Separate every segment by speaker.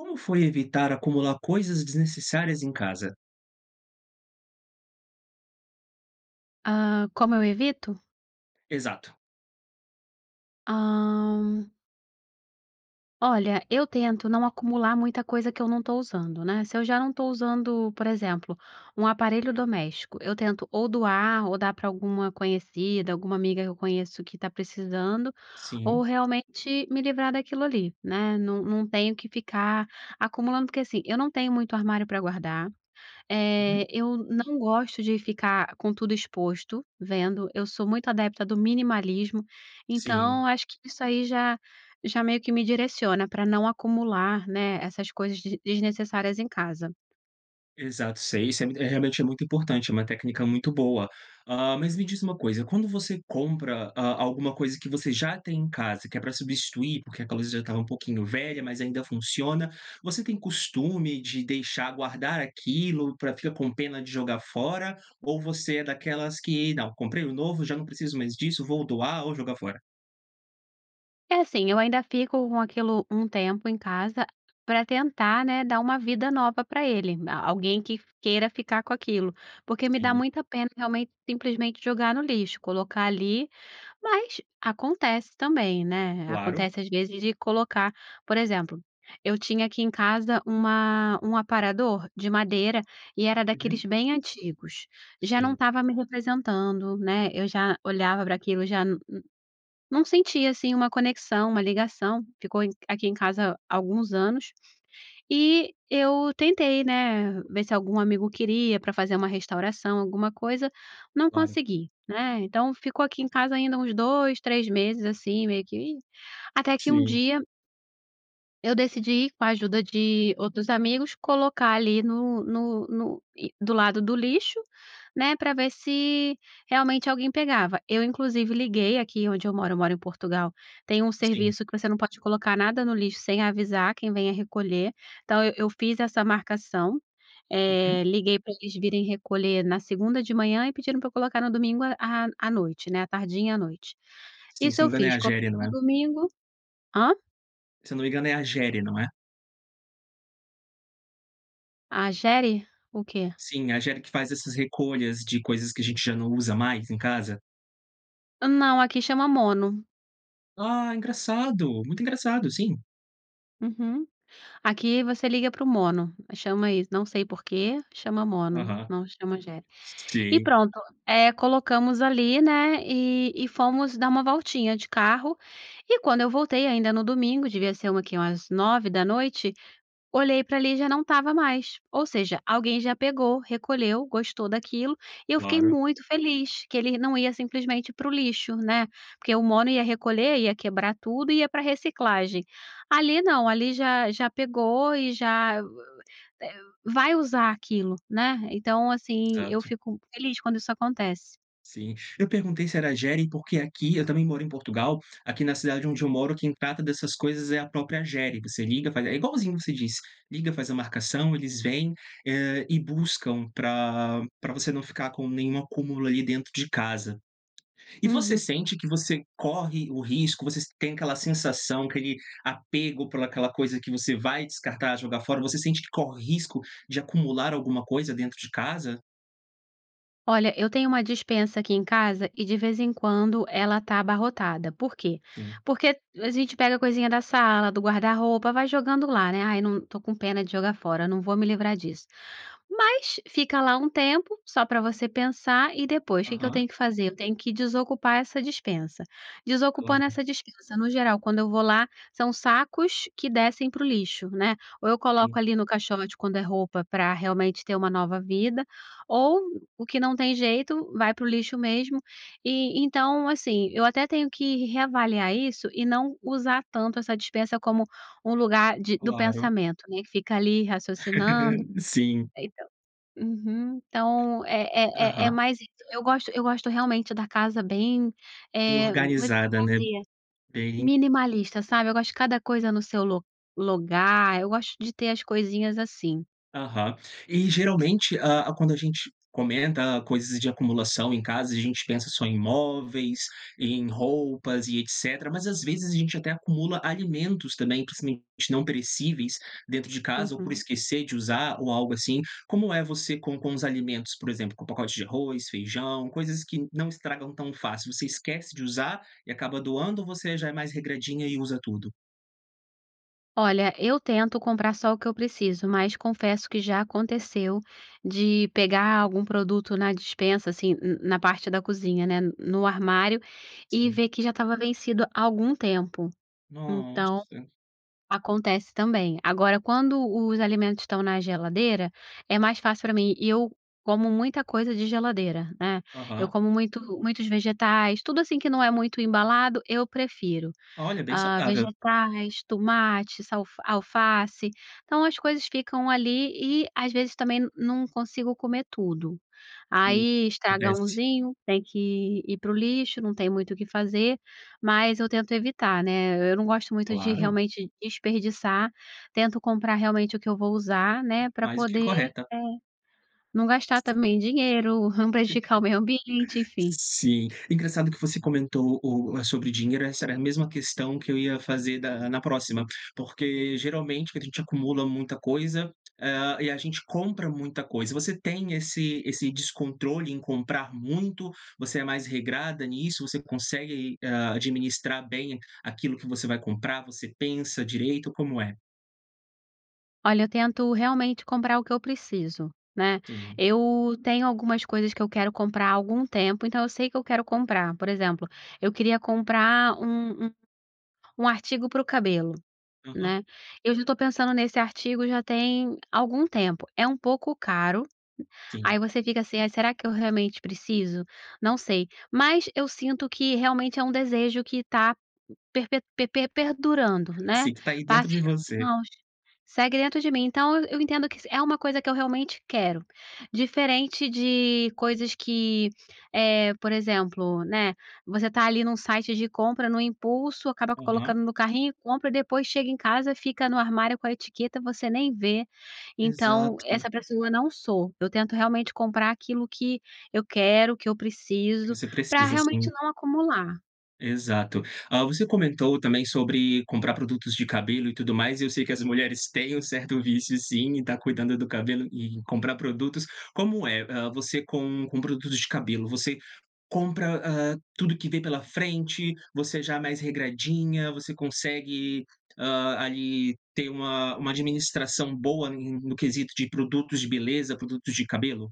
Speaker 1: Como foi evitar acumular coisas desnecessárias em casa?
Speaker 2: Hã, como eu evito?
Speaker 1: Exato.
Speaker 2: Hã. Olha, eu tento não acumular muita coisa que eu não tô usando, né. Se eu já não estou usando, por exemplo, um aparelho doméstico, eu tento ou doar ou dar para alguma conhecida, alguma amiga que eu conheço que tá precisando, ou
Speaker 1: Sim.
Speaker 2: realmente me livrar daquilo ali, né. Não não tenho que ficar acumulando, porque assim, eu não tenho muito armário pra guardar,
Speaker 1: Uhum.
Speaker 2: eh, eu não gosto de ficar com tudo exposto vendo, eu sou muito adepta do minimalismo,
Speaker 1: Sim.
Speaker 2: então acho que isso aí já já meio que me direciona pra não acumular, né, essas coisas des desnecessárias em casa.
Speaker 1: Exato, sei. Isso é mu é realmente é muito importante, é uma técnica muito boa. Hã, mas me diz uma coisa, quando você compra a alguma coisa que você já tem em casa, que é pra substituir, porque aquela coisa já estava um pouquinho velha mas ainda funciona, você tem costume de deixar guardar aquilo pra ficar com pena de jogar fora ou você é daquelas que: "Não, comprei um novo, já não preciso mais disso, vou doar ou jogar fora."?
Speaker 2: Eh, assim, eu ainda fico com aquilo um tempo em casa pra tentar, né, dar uma vida nova pra ele, na alguém que queira ficar com aquilo. Porque me dá
Speaker 1: Sim.
Speaker 2: muita pena, realmente, simplesmente jogar no lixo, colocar ali mas acontece também, né?
Speaker 1: Claro.
Speaker 2: Acontece, às vezes, de colocar por exemplo, eu tinha aqui em casa uma um aparador de madeira e era daqueles
Speaker 1: Uhum.
Speaker 2: bem antigos. Já não
Speaker 1: Sim.
Speaker 2: estava me representando, né? Eu já olhava pra aquilo, já nu nu não sentia assim uma conexão, uma ligação. Ficou em aqui em casa alguns anos e eu tentei, né, ver se algum amigo queria, pra fazer uma restauração, alguma coisa. Não
Speaker 1: Claro.
Speaker 2: consegui, né? Então, ficou aqui em casa ainda uns 2, 3 meses assim, meio que e Até que um
Speaker 1: Sim.
Speaker 2: dia eu decidi, com a ajuda de outros amigos, colocar ali no no no, eh, do lado do lixo, né? Pra ver se realmente alguém pegava. Eu inclusive liguei, aqui onde eu moro eu moro em Portugal, tem um
Speaker 1: Sim.
Speaker 2: serviço que você não pode colocar nada no lixo, sem avisar quem venha recolher. Então, ah, eu fiz essa marcação,
Speaker 1: Uhum.
Speaker 2: eh, liguei pra eles virem recolher na segunda de manhã e pediram pra eu colocar no domingo à à noite, né, à tardinha, à noite.
Speaker 1: Sim,
Speaker 2: Isso
Speaker 1: se
Speaker 2: eu
Speaker 1: não me engano,
Speaker 2: fiz
Speaker 1: é a
Speaker 2: coloquei
Speaker 1: GERE, não
Speaker 2: no
Speaker 1: é?
Speaker 2: domingo Hã?
Speaker 1: Se eu não me engano, é a GERE, não é?
Speaker 2: Agere, o quê?
Speaker 1: Sim, é a Agere que faz essas recolhas de coisas que a gente já não usa mais em casa?
Speaker 2: Não, aqui chama Mono.
Speaker 1: Ah, engraçado, muito engraçado, sim.
Speaker 2: Uhum, aqui você liga pro Mono, chama isso, não sei por quê, chama Mono,
Speaker 1: Aham,
Speaker 2: não chama Agere. E
Speaker 1: sim.
Speaker 2: pronto, eh, colocamos ali, né, e e fomos dar uma voltinha de carro, e quando eu voltei, ainda no domingo, devia ser uma quê? Umas 21h, olhei pra ali, já não estava mais. Ou seja, alguém já pegou, recolheu, gostou daquilo e eu fiquei
Speaker 1: Claro.
Speaker 2: muito feliz que ele não ia, simplesmente, pro lixo, né. Porque o Mono ia recolher, ia quebrar tudo e ia pra reciclagem. Ali, não. Ali, já já pegou e já, eh, vai usar aquilo, né. Então, assim, eu
Speaker 1: Exato.
Speaker 2: fico feliz, quando isso acontece.
Speaker 1: Sim. Eu perguntei se era Agere, porque aqui, eu também moro em Portugal, aqui na cidade onde eu moro, quem trata dessas coisas é a própria Agere. você liga, faz é igualzinho você diz, liga, faz a marcação, eles vêm, hã, e buscam pra pra você não ficar com nenhum acúmulo ali dentro de casa. E você
Speaker 2: Uhum.
Speaker 1: sente que você corre o risco, você tem aquela sensação, aquele apego por aquela coisa que você vai descartar e jogar fora? Você sente que corre risco de acumular alguma coisa dentro de casa?
Speaker 2: Olha, eu tenho uma despensa aqui em casa, e, de vez em quando, ela tá abarrotada. Por quê?
Speaker 1: Sim.
Speaker 2: Porque a gente pega coisinha da sala, do guarda-roupa, vai jogando lá, né. "Ai, não, estou com pena de jogar fora, eu não vou me livrar disso.". Mas, fica lá um tempo, só pra você pensar, e depois o que que eu
Speaker 1: Aham.
Speaker 2: tenho que fazer? Eu tenho que desocupar essa despensa. Desocupando
Speaker 1: Claro.
Speaker 2: essa despensa, no geral, quando eu vou lá, são sacos que descem para o lixo, né, ou eu coloco
Speaker 1: Sim.
Speaker 2: ali no caixote, quando é roupa pra, realmente, ter uma nova vida, ou, o que não tem jeito, vai para o lixo mesmo. E, então, assim, eu até tenho que reavaliar isso e não usar tanto essa dispensa como um lugar de do
Speaker 1: Claro.
Speaker 2: pensamento, né. Que fica ali raciocinando
Speaker 1: Sim.
Speaker 2: então, uhum, então é é é
Speaker 1: Aham.
Speaker 2: mais isso. Eu gosto eu gosto realmente da casa bem,
Speaker 1: Bem
Speaker 2: eh, [unintelligible]
Speaker 1: organizada, né?
Speaker 2: vazia,
Speaker 1: Bem
Speaker 2: minimalista, sabe, Eu gosto de cada coisa no seu lu lugar, eu gosto de ter as coisinhas assim.
Speaker 1: Aham. E geralmente, hã, quando a gente comenta coisas de acumulação em casa a gente pensa só em móveis, em roupas e etc. Mas, às vezes, a gente até acumula alimentos também, principalmente não perecíveis, dentro de casa ou por
Speaker 2: Uhum.
Speaker 1: esquecer de usar ou algo assim. Como é você com com os alimentos? Por exemplo, com o pacote de arroz, feijão, coisas que não estragam tão fácil, você esquece de usar, e acaba doando, ou você já é mais regradinha e usa tudo?
Speaker 2: Olha, eu tento comprar só o que eu preciso, mas confesso que já aconteceu de pegar algum produto na despensa, assim, na na parte da cozinha, né, n no armário, e
Speaker 1: Sim.
Speaker 2: ver que já estava vencido há algum tempo. Então,
Speaker 1: Nossa!
Speaker 2: acontece também. Agora, quando os alimentos estão na geladeira, é mais fácil pra mim e eu como muita coisa de geladeira, né, eu
Speaker 1: Aham.
Speaker 2: como muito muitos vegetais tudo assim, que não é muito embalado, eu prefiro.
Speaker 1: Olha, bem
Speaker 2: Hã,
Speaker 1: saudável!
Speaker 2: vegetais, tomate, salf alface então, as coisas ficam ali e, às vezes, também n não consigo comer tudo.
Speaker 1: Sim.
Speaker 2: Aí, estraga
Speaker 1: Acontece.
Speaker 2: unzinho, tem que ir pro lixo, não tem muito o que fazer, mas eu tento evitar, né, e eu não gosto muito de
Speaker 1: Claro!
Speaker 2: realmente desperdiçar, tento comprar realmente o que eu vou usar, né, pra
Speaker 1: Mais do que
Speaker 2: poder,
Speaker 1: correta!
Speaker 2: eh, não gastar também dinheiro, não prejudicar o meio ambiente, enfim.
Speaker 1: Sim. Engraçado que você comentou o eh, sobre dinheiro, essa era a mesma questão que eu ia fazer da na próxima, porque geralmente a gente acumula muita coisa, hã, e a gente compra muita coisa. Você tem esse esse descontrole em comprar muito, você é mais regrada nisso, você consegue aí, hã, administrar bem aquilo que você vai comprar, você pensa direito, como é?
Speaker 2: Olha, eu tento realmente comprar o que eu preciso, né?
Speaker 1: Sim.
Speaker 2: Eu tenho algumas coisas que eu quero comprar há algum tempo, então eu sei o que eu quero comprar, por exemplo, eu queria comprar um um um artigo pro cabelo,
Speaker 1: Aham.
Speaker 2: né? Eu já tô pensando nesse artigo já tem algum tempo é um pouco caro
Speaker 1: Sim.
Speaker 2: aí você fica assim: "Ai, será que eu realmente preciso?". Não sei, mas eu sinto que realmente é um desejo que tá perpe perpe perdurando, né?
Speaker 1: Sim, tá aí dentro
Speaker 2: Passe
Speaker 1: de
Speaker 2: os
Speaker 1: você.
Speaker 2: anos, segue dentro de mim, então, eu entendo que se é uma coisa que eu realmente quero, diferente de coisas que, eh, por exemplo, né, você tá ali, num site de compra, num impulso acaba
Speaker 1: Aham.
Speaker 2: colocando no carrinho e compra e depois chega em casa, fica no armário com a etiqueta você nem vê. Então
Speaker 1: Exato.
Speaker 2: essa pessoa não sou, eu tento realmente comprar aquilo que eu quero, que eu
Speaker 1: Que
Speaker 2: preciso,
Speaker 1: você
Speaker 2: pra
Speaker 1: precisa,
Speaker 2: realmente
Speaker 1: sim.
Speaker 2: não acumular.
Speaker 1: Exato. Hã, você comentou também sobre comprar produtos de cabelo e tudo mais e eu sei que as mulheres têm um certo vício sim, em tá cuidando do cabelo e e comprar produtos. Como é, hã, você com com produtos de cabelo, você compra, hã, tudo que vê pela frente, você já é mais regradinha, você consegue, hã, ali ter uma uma administração boa em no quesito de produtos de beleza, produtos de cabelo?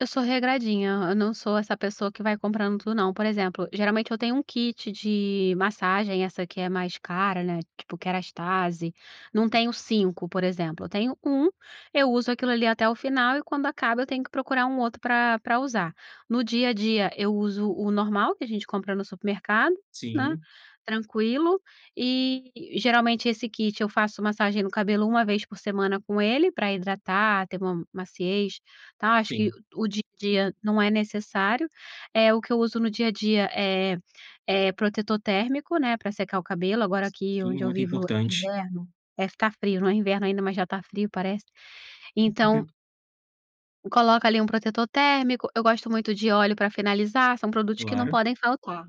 Speaker 2: Eu sou regradinha, hã, eu não sou essa pessoa que vai comprando tudo, não. Por exemplo, geralmente eu tenho um kit de massagem, essa que é mais cara, né, tipo Kérastase, não
Speaker 1: Hum.
Speaker 2: tenho 5, por exemplo, eu tenho 1, eu uso aquilo ali até o final e quando acaba eu tenho que procurar um outro pra pra usar. No dia a dia eu uso o normal que a gente compra no supermercado, né?
Speaker 1: Sim.
Speaker 2: Tranquilo eh, geralmente esse kit eu faço massagem no cabelo 1 vez por semana com ele, pra hidratar, ter uma maciez, tá acho que
Speaker 1: Sim.
Speaker 2: o dia a dia não é necessário eh, o que eu uso no dia a dia, eh, é protetor térmico, né, pra secar o cabelo. Agora aqui,
Speaker 1: Sim,
Speaker 2: onde eu
Speaker 1: muito
Speaker 2: vivo, é
Speaker 1: importante.
Speaker 2: inverno eh, ficar frio não é inverno ainda, mas já tá frio parece.
Speaker 1: Mas por
Speaker 2: Então
Speaker 1: que...
Speaker 2: coloca ali um protetor térmico eu gosto muito de óleo pra finalizar. São produtos que não
Speaker 1: Claro.
Speaker 2: podem faltar.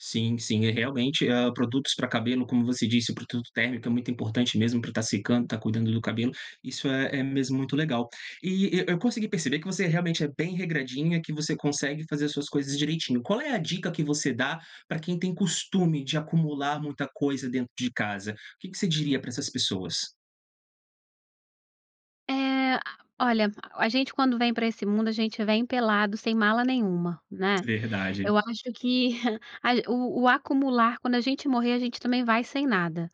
Speaker 1: Sim, sim. E realmente, hã, produtos pra cabelo como você disse, produto térmico é muito importante mesmo pra tá secando, tá cuidando do cabelo, isso é é mesmo muito legal. E e eu consegui perceber que você realmente é bem regradinha, que você consegue fazer as suas coisas direitinho, qual é a dica que você dá pra quem tem costume de acumular muita coisa dentro de casa? O que que você diria pra essas pessoas?
Speaker 2: Eh, a olha, a gente quando vem pra esse mundo, a gente vem pelado, sem mala nenhuma, né.
Speaker 1: Verdade.
Speaker 2: Eu acho que a o o acumular, quando a gente morrer, a gente também vai sem nada.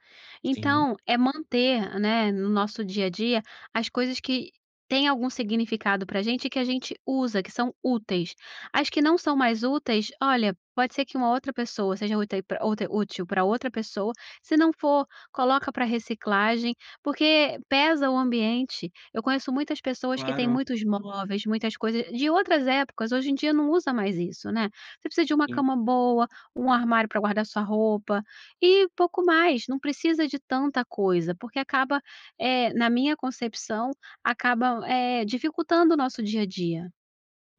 Speaker 1: Sim.
Speaker 2: Então é manter, né, no nosso dia a dia, as coisas que tem algum significado pra gente e que a gente usa, que são úteis. As que não são mais úteis, olha, pode ser que uma outra pessoa seja úte outra útil pra outra pessoa, se não for, coloca pra reciclagem, porque pesa o ambiente. Eu conheço muitas pessoas que têm
Speaker 1: Claro.
Speaker 2: muitos móveis, muitas coisas de outras épocas, hoje em dia não usa mais isso, né. Você precisa de 1
Speaker 1: Sim.
Speaker 2: cama boa, 1 armário pra guardar sua roupa, e pouco mais, não precisa de tanta coisa, porque acaba, eh, na minha concepção, acaba, eh, dificultando o nosso dia a dia.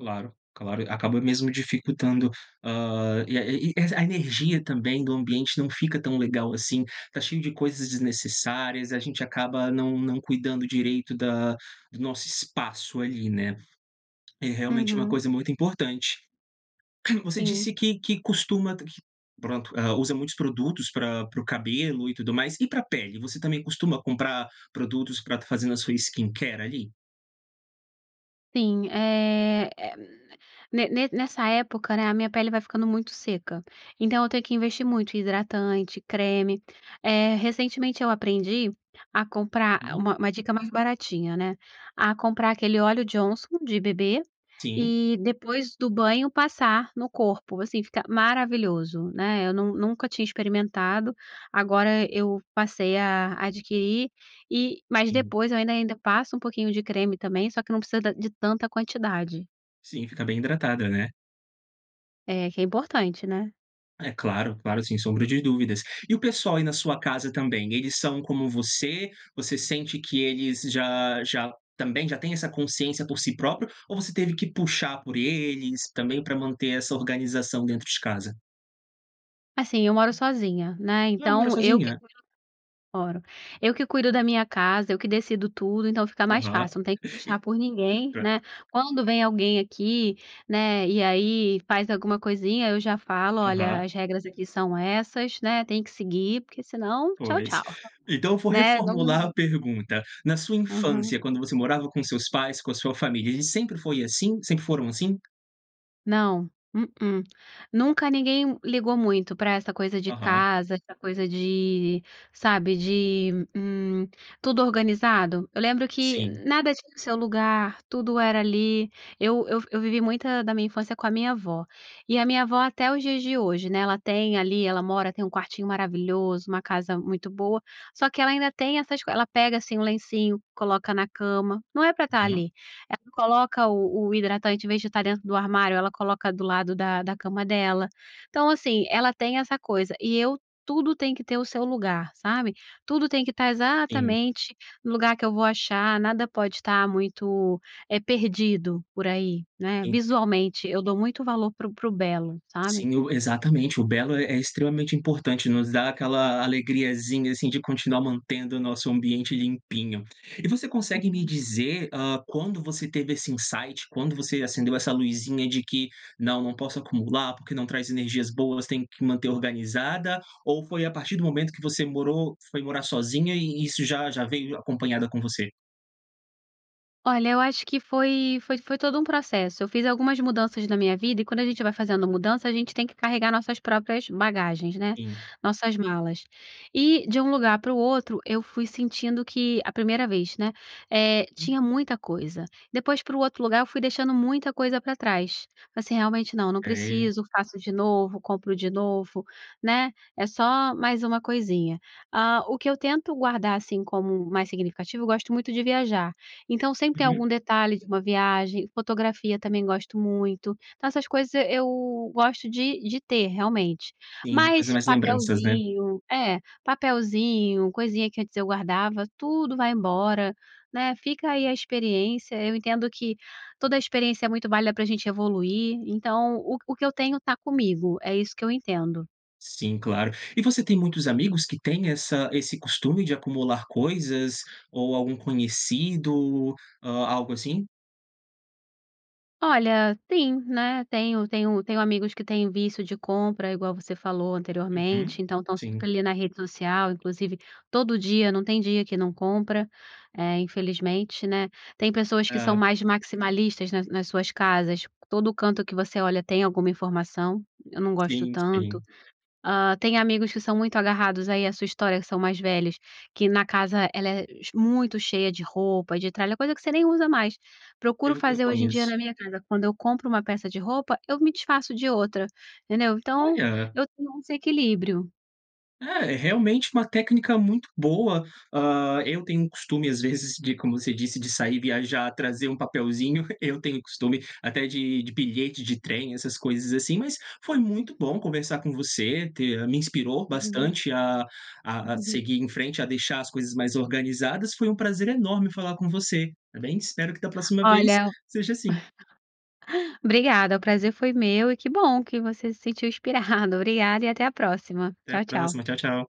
Speaker 1: Claro, claro, acaba mesmo dificultando, hã, e a e e a energia também do ambiente não fica tão legal assim, está cheio de coisas desnecessárias, a gente acaba não não cuidando direito da do nosso espaço ali, né. É realmente uma
Speaker 2: Uhum.
Speaker 1: coisa muito importante. Você
Speaker 2: Sim.
Speaker 1: disse que que costuma pronto, usa muitos produtos pra pro cabelo e tudo mais, e pra pele? Você também costuma comprar produtos pra fazer na sua skincare ali?
Speaker 2: Sim, eh, e m m n ne ne nessa época, né, a minha pele vai ficando muito seca. Então, eu tenho que investir muito em hidratante, creme. Eh, recentemente eu aprendi a comprar ah,
Speaker 1: Uhum.
Speaker 2: uma uma dica mais baratinha, né? A comprar aquele óleo Johnson de bebê
Speaker 1: Sim.
Speaker 2: e depois do banho passar no corpo. Assim, fica maravilhoso, né? Eu nun nunca tinha experimentado, agora eu passei a adquirir e mas
Speaker 1: Sim.
Speaker 2: depois eu ainda ainda passo um pouquinho de creme também, só que não precisa da de tanta quantidade.
Speaker 1: Sim, fica bem hidratada, né?
Speaker 2: É, que é importante, né?
Speaker 1: É claro, claro, sem sombra de dúvidas. E o pessoal aí na sua casa também, eles são como você? Você sente que eles já já também já têm essa consciência por si próprio ou você teve que puxar por eles também, pra manter essa organização dentro de casa?
Speaker 2: Assim, eu moro sozinha, né,
Speaker 1: Ah, mora
Speaker 2: então eu que
Speaker 1: sozinha?
Speaker 2: cuido. [unintelligible] Moro. Eu que cuido da minha casa, eu que decido tudo. Então fica mais
Speaker 1: Aham,
Speaker 2: fácil, não tem que puxar por ninguém,
Speaker 1: perfei. [unintelligible]
Speaker 2: né? Quando vem alguém aqui, né, e aí faz alguma coisinha, eu já falo: "Olha,
Speaker 1: Aham.
Speaker 2: as regras aqui são essas, né, tem que seguir, porque senão tchau,
Speaker 1: Pois.
Speaker 2: tchau,
Speaker 1: Então, eu vou
Speaker 2: né?" Não,
Speaker 1: reformular
Speaker 2: num
Speaker 1: a pergunta. Na sua
Speaker 2: Aham.
Speaker 1: infância, quando você morava com os seus pais, com a sua família, eles sempre foi assim sempre foram assim?
Speaker 2: Não, mm-mm. Nunca ninguém m ligou muito pra essa coisa de
Speaker 1: Aham.
Speaker 2: casa, essa coisa de sabe, de, hum, tudo organizado. Eu lembro que
Speaker 1: Sim.
Speaker 2: nada tinha seu lugar, tudo era ali eu eu f eu vivi muita da minha infância com a minha avó. E a minha avó, até os dias de hoje, né, ela tem ali ela mora tem um quartinho maravilhoso, uma casa muito boa, só que ela ainda tem essas co ela pega, assim, o lencinho, coloca na cama. Não é pra estar
Speaker 1: Aham.
Speaker 2: ali. Ela coloca o o hidratante, em vez de estar dentro do armário, ela coloca do lado da da cama dela. Então, assim, ela tem essa coisa e eu, tudo tem que ter o seu lugar, sabe? Tudo tem que estar
Speaker 1: Sim.
Speaker 2: exatamente no lugar que eu vou achar. Nada pode estar muito, eh, perdido por aí, né?
Speaker 1: Entendi.
Speaker 2: Visualmente, eu dou muito valor pro pro belo, sabe?
Speaker 1: Sim, o exatamente o belo é é extremamente importante, nos dá aquela alegriazinha, assim, de continuar mantendo o nosso ambiente limpinho. E você consegue me
Speaker 2: Uhum.
Speaker 1: dizer, hã, quando você teve esse insight, quando você acendeu essa luzinha de que: "Não, não posso acumular, porque não traz energias boas, tenho que manter organizada."? Ou foi à partir do momento que você morou foi morar sozinha e isso já já veio j acompanhada com você?
Speaker 2: Olha, eu acho que foi foi foi todo um processo. Eu fiz algumas mudanças na minha vida e, quando a gente vai fazendo mudança, a gente tem que carregar nossas próprias bagagens, né,
Speaker 1: Sim.
Speaker 2: nossas malas. E de um lugar para o outro, eu fui sentindo que a primeira vez né, eh,
Speaker 1: Hum.
Speaker 2: tinha muita coisa, depois, para o outro lugar, eu fui deixando muita coisa pra trás. Assim, realmente não não
Speaker 1: Sei.
Speaker 2: preciso, faço de novo, compro de novo, né, é só mais uma coisinha. Hã, o que eu tento guardar, assim, como mais significativo, eu gosto muito de viajar. Então, sempre tem
Speaker 1: Uhum.
Speaker 2: algum detalhe de uma viagem, fotografia também gosto muito, então essas coisas eu gosto de de ter, realmente.
Speaker 1: Sim, de coisa
Speaker 2: Mas,
Speaker 1: mais lembranças, né?
Speaker 2: papelzinho, é, papelzinho, coisinha que antes eu guardava, tudo vai embora, né, fica aí a experiência. Eu entendo que toda experiência é muito válida pra gente evoluir, então, o o que eu tenho, está comigo, é isso que eu entendo.
Speaker 1: Sim, claro. E você tem muitos amigos que tem essa esse costume de acumular coisas ou algum conhecido a algo assim?
Speaker 2: Olha, sim, né. Tenho tenho tenho amigos que têm vício de compra, igual você falou,
Speaker 1: Uhum,
Speaker 2: anteriormente, então, estão
Speaker 1: sim.
Speaker 2: sempre ali na rede social, inclusive, todo dia, não tem dia que não compra, eh, infelizmente, né. Tem pessoas que são
Speaker 1: Ah.
Speaker 2: mais maximalistas nas nas suas casas, todo canto que você olha tem alguma informação, eu não gosto
Speaker 1: Sim,
Speaker 2: tanto.
Speaker 1: sim.
Speaker 2: Hã, tem amigos que são muito agarrados aí a sua história, que são mais velhos, que na casa ela é ch muito cheia de roupa, de tralha, coisa que você nem usa mais, Procuro
Speaker 1: Eu eu
Speaker 2: fazer hoje em dia
Speaker 1: conheço.
Speaker 2: na minha casa, quando eu compro uma peça de roupa, eu me desfaço de outra, entendeu. Então,
Speaker 1: Olha!
Speaker 2: eu tenho esse equilíbrio.
Speaker 1: Eh, é realmente uma técnica muito boa. Hã, eu um tenho costume, às vezes, de como você disse, de sair, viajar, trazer um papelzinho, eu tenho costume até de de bilhete de trem, essas coisas assim, mas foi muito
Speaker 2: Hum.
Speaker 1: bom conversar com você, ter me inspirou
Speaker 2: Uhum.
Speaker 1: bastante a a a seguir em frente, a deixar as coisas mais organizadas. Foi um prazer enorme falar com você, tá bem. Espero que, da próxima vez,
Speaker 2: Olha,
Speaker 1: seja assim.
Speaker 2: obrigada, o prazer foi meu e que bom que você se sentiu inspirado. Obrigada e até a próxima.
Speaker 1: Até
Speaker 2: Tchau
Speaker 1: a
Speaker 2: tchau.
Speaker 1: próxima. Tchau, tchau.